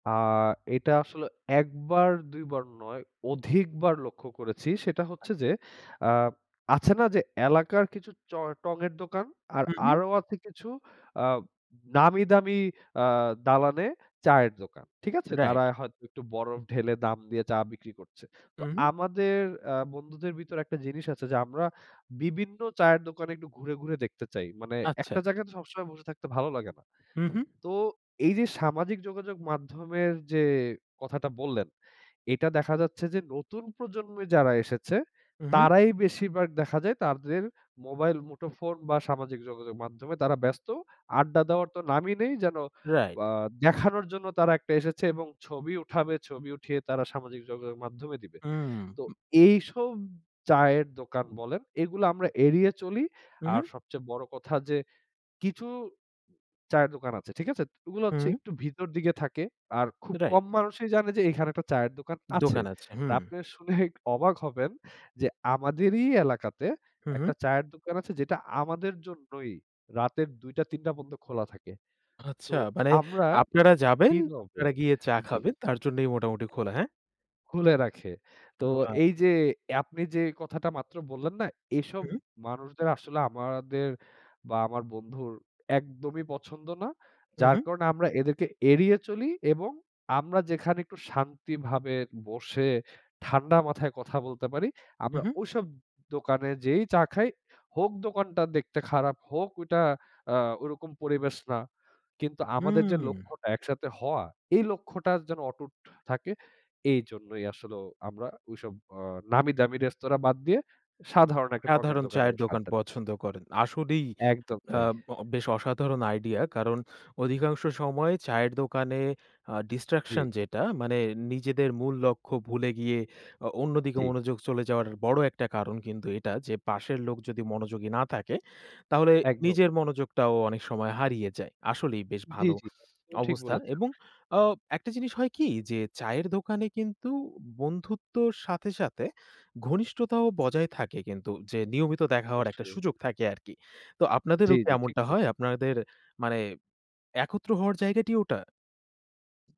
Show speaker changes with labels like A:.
A: আ এটা আসলে একবার দুইবার নয়, অধিকবার লক্ষ্য করেছি। সেটা হচ্ছে যে,
B: আচ্ছা।
A: আ আছে না যে, এলাকার কিছু চয়ের টঙের দোকান আর
B: হু, হুম।
A: আরো আছে কিছু আ নামি দামি আ দালানে চায়ের দোকান। ঠিক আছে?
B: রাইট।
A: তারা হয়তো একটু বরফ ঢেলে দাম দিয়ে চা বিক্রি করছে। তো
B: হু, হুম।
A: আমাদের অ্যা বন্ধুদের ভিতরে একটা জিনিস আছে যে, আমরা বিভিন্ন চায়ের দোকানে একটু ঘুরে, ঘুরে দেখতে চাই। মানে একটা
B: আচ্ছা।
A: জায়গায় সবসময় বসে থাকতে ভালো লাগে না।
B: হু, হুম।
A: তো এই যে, সামাজিক যোগাযোগ মাধ্যমের যে, কথাটা বললেন এইটা দেখা যাচ্ছে যে, নতুন প্রজন্মে যারা এসেছে
B: হম, হম।
A: তারাই বেশিরভাগ দেখা যায় তাদের মোবাইল-মুঠো ফোন বা সামাজিক যোগাযোগ মাধ্যমে তারা ব্যস্ত। আড্ডা দেওয়ার তো নামই নেই। যেন
B: রাইট
A: আ দেখানোর জন্য তারা একটা এসেছে এবং ছবি উঠাবে, ছবি উঠিয়ে তারা সামাজিক যোগাযোগ মাধ্যমে দিবে।
B: হুম,
A: তো এইসব চায়ের দোকান
B: হম।
A: বলেন, এগুলো আমরা এড়িয়ে চলি।
B: হু,
A: আর
B: হুম।
A: সবচেয়ে বড় কথা যে, কিছু চায়ের দোকান আছে; ঠিক আছে? ওগুলো হচ্ছে
B: হুম।
A: একটু ভিতর দিকে থাকে। আর খুব
B: রাইট।
A: কম মানুষই জানে যে, এইখানে একটা চায়ের দোকান আছে।
B: দোকান আছে।
A: আর
B: হুম।
A: আপনিও শুনলে একটু অবাক হবেন যে, আমাদেরই এলাকাতে
B: হু,
A: একটা
B: হুম।
A: চায়ের দোকান আছে যেটা আমাদের জন্যই রাতের দুইটা-তিনটা পর্যন্ত খোলা থাকে। তো
B: আচ্ছা, মানে
A: আমরা
B: আপনারা যাবেন, আপনারা গিয়ে চা
A: [unintelligible] জি।
B: খাবেন। তার জন্যই মোটামুটি খোলা। হ্যাঁ?
A: খুলে রাখে। তো
B: ও।
A: এই যে, আপনি যে, কথাটা মাত্র বললেন না, এসব
B: হু, হুম।
A: মানুষদের আসলে আমাদের বা আমার বন্ধুর একদমই পছন্দ না।
B: হু,
A: যার
B: হুম।
A: কারণে আমরা এদেরকে এড়িয়ে চলি এবং আমরা যেখানে একটু শান্তিভাবে বসে ঠান্ডা মাথায় কথা বলতে পারি,
B: হু,
A: আমরা
B: হুম।
A: ঐসব দোকানে যেয়েই চা খাই। হোক দোকানটা দেখতে খারাপ, হোক ঐটা আ ঐরকম পরিবেশ না। কিন্তু আমাদের যে,
B: হুম।
A: লক্ষ্যটা একসাথে হওয়া এই লক্ষ্যটা যেন অটুট থাকে। এইজন্যই আসলেও আমরা ঐসব আ নামি দামি রেস্তোরা বাদ দিয়ে সাধারণ একটা টঙের
B: সাধারণ
A: দোকানে
B: চায়ের
A: বসে
B: দোকান
A: আড্ডা
B: পছন্দ করেন। আসলেই
A: একদম তাই।
B: আব বেশ অসাধারণ আইডিয়া। কারণ অধিকাংশ সময়ই চায়ের দোকানে আ
A: জ্বি।
B: ডিসট্রাকশন যেটা মানে নিজেদের মূল লক্ষ্য ভুলে গিয়ে অ অন্যদিকে
A: জ্বি।
B: মনোযোগ চলে যাওয়ার বড় একটা কারণ কিন্তু এটা যে, পাশের লোক যদি মনোযোগী না থাকে তাহলে
A: একদম।
B: নিজের মনোযোগটাও অনেক সময় হারিয়ে যায়। আসলেই বেশ
A: জ্বি,
B: ভালো
A: জ্বি। ঠিক
B: অবস্থা।
A: বলেছেন।
B: এবং আও একটা জিনিস হয় কি যে, চায়ের দোকানে কিন্তু বন্ধুত্বর সাথে, সাথে ঘনিষ্ঠতাও বজায় থাকে কিন্তু যে, নিয়মিত দেখা হওয়ার একটা সুযোগ থাকে আরকি। তো
A: জ্বি,
B: আপনাদেরও কি
A: জ্বি, ঠিক
B: এমনটা হয়,
A: বলেছেন।
B: আপনাদের মানে একত্র হওয়ার জায়গাটি ওটা?